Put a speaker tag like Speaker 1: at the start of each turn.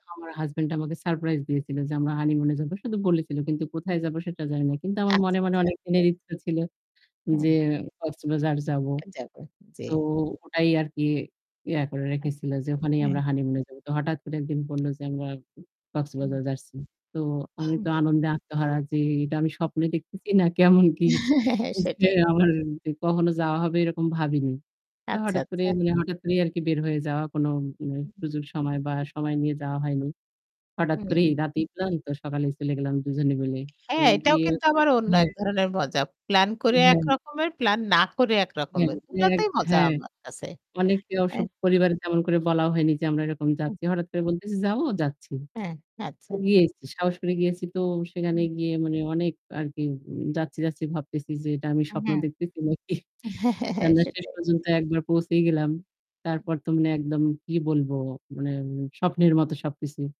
Speaker 1: আমার হাসব্যান্ড আমাকে সারপ্রাইজ দিয়েছিল যে আমরা হানিমুন এ যাব। শুধু বলেছিল। কিন্তু কোথায় যাব সেটা জানি না। কিন্তু আমার মনে,
Speaker 2: আচ্ছা,
Speaker 1: মনে
Speaker 2: আচ্ছা।
Speaker 1: অনেকদিনের ইচ্ছে ছিল যে
Speaker 2: হুম।
Speaker 1: কক্সবাজার যাবো।
Speaker 2: যাবো। জি।
Speaker 1: তো ওটাই আরকি ইয়ে করে
Speaker 2: হ্যাঁ।
Speaker 1: রেখেছিল যে ওখানেই আমরা
Speaker 2: হ্যাঁ।
Speaker 1: হানিমুনে যাবো। তো হঠাৎ করে একদিন বলল যে আমরা
Speaker 2: হুম।
Speaker 1: কক্সবাজার যাচ্ছি। তো আমি
Speaker 2: হুম।
Speaker 1: তো আনন্দে আত্মহারা যে এটা আমি
Speaker 2: হুম।
Speaker 1: স্বপ্নে দেখতেছি না কেমন কি যে
Speaker 2: সেটাই।
Speaker 1: আমার কখনো যাওয়া হবে এরকম ভাবিনি। তো
Speaker 2: আচ্ছা,
Speaker 1: হঠাৎ করে
Speaker 2: আচ্ছা।
Speaker 1: মানে হঠাৎ করেই আরকি বের হয়ে যাওয়া কোনো উম
Speaker 2: হুম, হুম।
Speaker 1: সুযোগ সময় বা সময় নিয়ে যাওয়া হয়নি। হঠাৎ করেই
Speaker 2: হুম।
Speaker 1: রাতেই এলাম তো সকালেই চলে গেলাম দুজনে মিলে। তো
Speaker 2: হ্যাঁ, এটাও
Speaker 1: গিয়ে
Speaker 2: কিন্তু আবার অন্য
Speaker 1: হ্যাঁ।
Speaker 2: এক ধরনের মজা। প্লান করে
Speaker 1: হ্যাঁ।
Speaker 2: একরকমের প্লান না করে
Speaker 1: হ্যাঁ,
Speaker 2: একরকমের। ২
Speaker 1: হ্যাঁ,
Speaker 2: টাতেই মজা
Speaker 1: হ্যাঁ।
Speaker 2: আমার কাছে।
Speaker 1: অনেকে
Speaker 2: এ
Speaker 1: ওসব পরিবারে তেমন করে বলা হয়নি যে আমরা এরকম
Speaker 2: হুম।
Speaker 1: যাচ্ছি। হঠাৎ করে বলতেছি "যাবো।" যাচ্ছি।
Speaker 2: হ্যাঁ, আচ্ছা।
Speaker 1: খুবই সাহস করে গিয়েছি তো সেখানে
Speaker 2: হুম।
Speaker 1: গিয়ে মানে অনেক আরকি যাচ্ছি, যাচ্ছি ভাবতেছি যে এটা আমি
Speaker 2: এ
Speaker 1: স্বপ্ন
Speaker 2: হ্যাঁ।
Speaker 1: দেখতেছি নাকি।
Speaker 2: হ্যাঁ, হ্যাঁ, হ্যাঁ।
Speaker 1: আমরা শেষ
Speaker 2: সেটাই।
Speaker 1: পর্যন্ত একবার পৌঁছেই গেলাম।
Speaker 2: হুম।
Speaker 1: তারপর তো মানে একদম কি বলবো মানে স্বপ্নের মত সবকিছু।